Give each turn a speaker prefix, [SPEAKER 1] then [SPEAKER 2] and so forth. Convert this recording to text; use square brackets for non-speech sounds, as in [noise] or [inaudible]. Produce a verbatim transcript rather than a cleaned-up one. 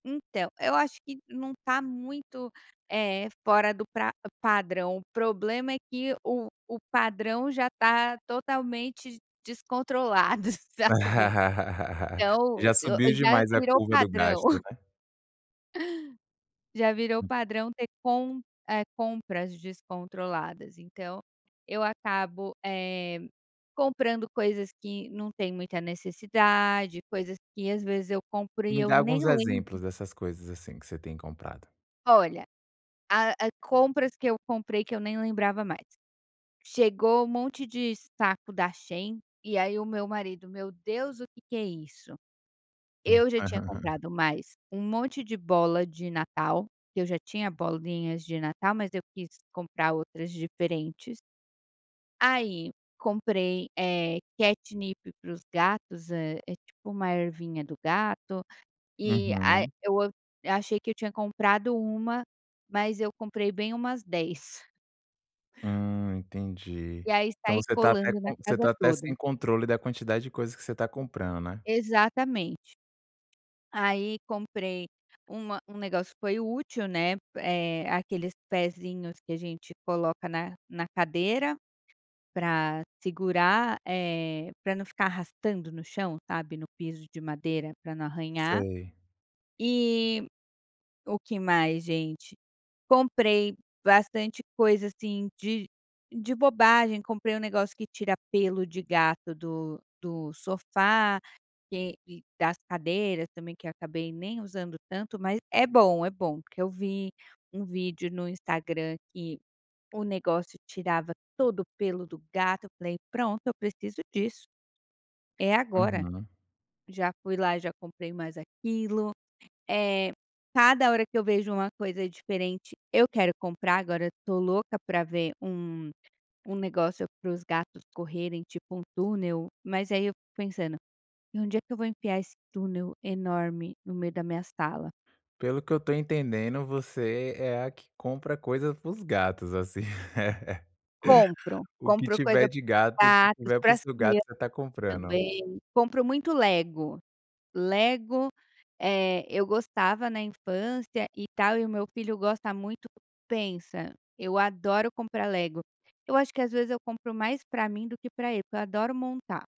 [SPEAKER 1] Então, eu acho que não tá muito, eh, fora do pra padrão, o problema é que o o padrão já tá totalmente descontrolado, sabe. Então
[SPEAKER 2] [laughs]
[SPEAKER 1] o
[SPEAKER 2] Já
[SPEAKER 1] o
[SPEAKER 2] subiu
[SPEAKER 1] já
[SPEAKER 2] demais a
[SPEAKER 1] virou
[SPEAKER 2] curva do
[SPEAKER 1] padrão.
[SPEAKER 2] gasto,
[SPEAKER 1] [chuckles]
[SPEAKER 2] né.
[SPEAKER 1] Já virou padrão ter com eh, compras descontroladas. Então eu acabo, eh, comprando coisas que não tem muita necessidade, coisas que às vezes eu compro e
[SPEAKER 2] Me
[SPEAKER 1] eu
[SPEAKER 2] dá
[SPEAKER 1] nem
[SPEAKER 2] alguns
[SPEAKER 1] lembro.
[SPEAKER 2] exemplos dessas coisas, assim, que você tem comprado.
[SPEAKER 1] Olha, a a compras que eu comprei que eu nem lembrava mais: chegou um monte de saco da Shein e aí o meu marido: "Meu Deus, o que que é isso?". Eu já tinha
[SPEAKER 2] [laughs]
[SPEAKER 1] comprado mais um monte de bola de natal, que eu já tinha bolinhas de natal, mas eu quis comprar outras diferentes. Aí comprei, eh, catnip para os gatos. É é tipo uma ervinha do gato e a
[SPEAKER 2] Uhum.
[SPEAKER 1] eu achei que eu tinha comprado uma, mas eu comprei bem umas dez.
[SPEAKER 2] Hum, entendi.
[SPEAKER 1] E aí
[SPEAKER 2] Então
[SPEAKER 1] sai
[SPEAKER 2] você tá até
[SPEAKER 1] colando na
[SPEAKER 2] com você
[SPEAKER 1] casa
[SPEAKER 2] tá até
[SPEAKER 1] toda.
[SPEAKER 2] sem controle da quantidade de coisas que você tá comprando, né.
[SPEAKER 1] Exatamente. Aí comprei uma um negócio foi útil, né, eh, aqueles pezinhos que a gente coloca na na cadeira pra segurar, eh, pra não ficar arrastando no chão, sabe, no piso de madeira, pra não arranhar.
[SPEAKER 2] Sei.
[SPEAKER 1] E o que mais, gente? Comprei bastante coisa, assim, de de bobagem. Comprei um negócio que tira pelo de gato do do sofá, que e das cadeiras também que acabei nem usando tanto, mas é bom, é bom. Porque eu vi um vídeo no Instagram que o negócio tirava todo o pelo do gato, eu falei: "Pronto, eu preciso disso é agora".
[SPEAKER 2] Uhum.
[SPEAKER 1] Já fui lá e já comprei mais aquilo, eh, cada hora que eu vejo uma coisa diferente eu quero comprar. Agora eu tô louca pra ver um um negócio para os gatos correrem, tipo um túnel, mas aí eu fico pensando: "Onde é que eu vou enfiar esse túnel enorme no meio da minha sala?".
[SPEAKER 2] Pelo que eu estou entendendo você é a que compra coisa para os gatos, assim, [laughs]
[SPEAKER 1] Compro,
[SPEAKER 2] o que
[SPEAKER 1] compro coisa
[SPEAKER 2] tiver de gato
[SPEAKER 1] gatos
[SPEAKER 2] tiver para
[SPEAKER 1] para
[SPEAKER 2] o
[SPEAKER 1] as
[SPEAKER 2] seu gato
[SPEAKER 1] crianças
[SPEAKER 2] gato você tá comprando.
[SPEAKER 1] também, compro muito Lego. Lego, eh, eu gostava na infância e tal, e o meu filho gosta muito. Pensa, eu adoro comprar Lego. Eu acho que às vezes eu compro mais pra mim do que para ele, porque eu adoro montar.